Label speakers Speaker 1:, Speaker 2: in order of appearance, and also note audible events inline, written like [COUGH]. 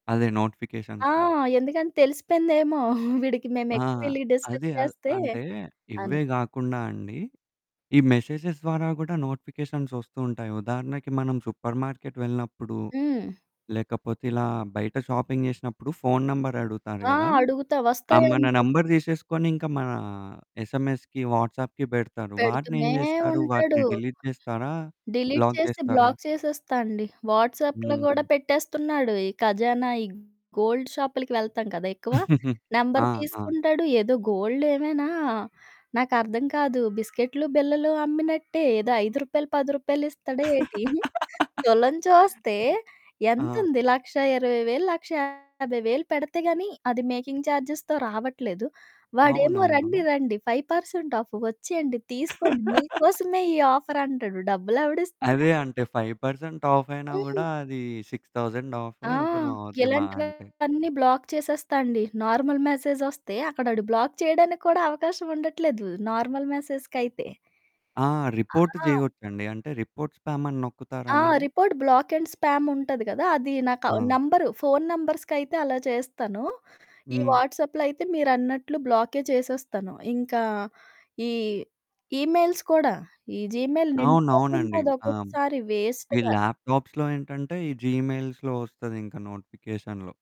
Speaker 1: అదే.
Speaker 2: ఆ!
Speaker 1: నోటిఫికేషన్స్‌తోని.
Speaker 2: ఎందుకంటే తెలిసిపోయిందేమో, [GIGGLES] వీడికి
Speaker 1: ఆ!
Speaker 2: మేమెక్కువెళ్లి డిస్టర్బ్
Speaker 1: అది అ
Speaker 2: చేస్తే,
Speaker 1: అంటే ఇవే
Speaker 2: అని.
Speaker 1: గాకుండా అండి, ఈ మెసేజెస్ ద్వారా గూడా నోటిఫికేషన్స్ ఒస్తూ ఉంటాయి. ఉదాహరణకి మనం సూపర్ మార్కెట్ వెళ్ళినప్పుడు,
Speaker 2: హ్మ్.
Speaker 1: లేకపోతే ఇలా బయట షాపింగ్ జేసినప్పుడు ఫోను నంబరడుగుతారు
Speaker 2: ఆ!
Speaker 1: గదా!
Speaker 2: అడుగుతా
Speaker 1: ఆహ్, మన
Speaker 2: వస్తాయండి.
Speaker 1: నెంబర్ తీసేసుకొని ఇంకా మనా ఎస్ఎంఎస్‌కి వాట్సాప్‌కి పెడతారు. వాటినేం
Speaker 2: పెడుతూనే
Speaker 1: జేస్తరు?
Speaker 2: ఉంటడు.
Speaker 1: వాటిని డిలీట్ జేస్తరా?
Speaker 2: డిలీట్
Speaker 1: బ్లాక్
Speaker 2: చేసి
Speaker 1: జేస్తరా?
Speaker 2: బ్లాక్ చేసేస్తా అండి. వాట్సాప్‌లో
Speaker 1: హుహు.
Speaker 2: గూడా పెట్టేస్తున్నాడు. ఈ ఖజానా ఈ గోల్డ్ షాపులకి వెళ్తాం కదా! ఎక్కువ.
Speaker 1: [CHUCKLES] ఆ!
Speaker 2: నంబర్
Speaker 1: ఆ!
Speaker 2: తీసుకుంటాడు. ఏదో గోల్డ్ ఏమైనా నాకర్థం కాదు. బిస్కెట్లు, బిళ్ళలు అమ్మినట్టే ఏదో రూ. 5, రూ. 10 ఇస్తడా ఏటి? [GIGGLES]
Speaker 1: [LAUGHS]
Speaker 2: తులం చూస్తే
Speaker 1: ఆ!
Speaker 2: ఎంతుంది, 1,20,000, 1,50,000 పెడితే గాని, అది మేకింగ్ చార్జెస్‌తో రావట్లేదు. వాడేమో రండి
Speaker 1: అవునవును.
Speaker 2: రండి 5% ఆఫ్ వచ్చేయండి. తీసుకోండి
Speaker 1: [LAUGHS]
Speaker 2: మీకోసమే ఈ ఆఫర్ అంటడు. డబ్బులెవడిస్తాడు?
Speaker 1: అదే. అంటే 5% ఆఫ్ అయినా
Speaker 2: హ్మ్.
Speaker 1: గూడా, అది 6000 ఆఫో
Speaker 2: ఆ!
Speaker 1: ఎంతనో అవుద్ది మహా అంటే.
Speaker 2: ఇలాంటివన్నీ బ్లాక్ చేసేస్తా అండి. నార్మల్ మెసేజ్ ఒస్తే అక్కడ ఆడు బ్లాక్ చేయడానికి కూడా అవకాశం ఉండట్లేదు. నార్మల్ మెసేజ్‌‌కైతే.
Speaker 1: ఆ! రిపోర్ట్
Speaker 2: ఆ!
Speaker 1: జేయొచ్చండి. అంటే రిపోర్ట్ స్పామ్ అని నొక్కుతారా
Speaker 2: ఆ!
Speaker 1: మళ్ళి?
Speaker 2: రిపోర్ట్ బ్లాక్ అండ్ స్పామ్ ఉంటది గదా! అది నాకు
Speaker 1: ఆ!
Speaker 2: నంబరు ఫోను నంబర్స్‌కైతే అలా చేస్తాను. ఈ
Speaker 1: హ్మ్.
Speaker 2: వాట్సాప్‌లో అయితే మీరన్నట్లు బ్లాకే చేసేస్తాను. ఇంకా ఈ ఈమెయిల్స్ కూడా. ఈ జీమెయిల్
Speaker 1: అవునవునండి.
Speaker 2: నిండిపోతుంటది
Speaker 1: ఆ!
Speaker 2: ఒక్కొక్కసారి
Speaker 1: ఈ
Speaker 2: వేస్ట్‌గా.
Speaker 1: ల్యాప్‌టాప్స్‌లో ఏంటంటే ఈ జీమెయిల్స్‌లో వస్తదింక నోటిఫికేషన్‌లో.